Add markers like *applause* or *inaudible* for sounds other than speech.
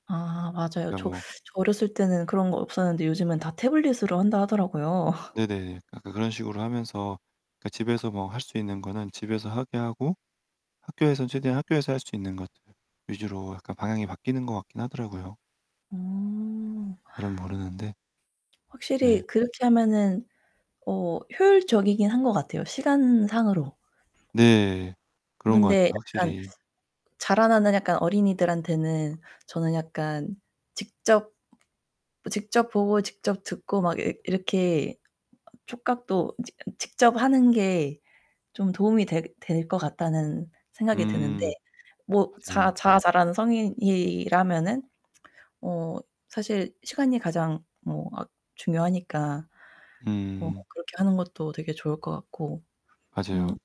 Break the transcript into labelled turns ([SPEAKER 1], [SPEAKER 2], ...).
[SPEAKER 1] 아, 맞아요.
[SPEAKER 2] 그냥
[SPEAKER 1] 저 저
[SPEAKER 2] 뭐
[SPEAKER 1] 어렸을 때는 그런 거 없었는데 요즘엔 다 태블릿으로 한다 하더라고요. *laughs*
[SPEAKER 2] 네네, 약간 그런식으로 하면서 그러니까 집에서 뭐 할 수 있는 거는 집에서 하게 하고 학교에선 최대한 학교에서 할 수 있는 것들 위주로 약간 방향이 바뀌는 것 같긴 하더라고요.
[SPEAKER 1] 음.
[SPEAKER 2] 잘은 모르는데 네.
[SPEAKER 1] 확실히 그렇게 하면은 어 효율적이긴 한 것 같아요 시간상으로.
[SPEAKER 2] 네. 그런 것 같아요.
[SPEAKER 1] 근데 약간
[SPEAKER 2] 확실히.
[SPEAKER 1] 자라나는 약간 어린이들한테는 저는 약간 직접 직접 보고 직접 듣고 막 이 이렇게 어 촉각도 직 직접 하는 게 좀 도움이 될 될 것 같다는 생각이 드는데
[SPEAKER 2] 음.
[SPEAKER 1] 뭐 자
[SPEAKER 2] 맞아요.
[SPEAKER 1] 자아 잘하는 성인이라면은 어 사실 시간이 가장 뭐 아 중요하니까. 어
[SPEAKER 2] 음.
[SPEAKER 1] 그렇게 하는 것도 되게 좋을 것 같고 음.
[SPEAKER 2] 맞아요.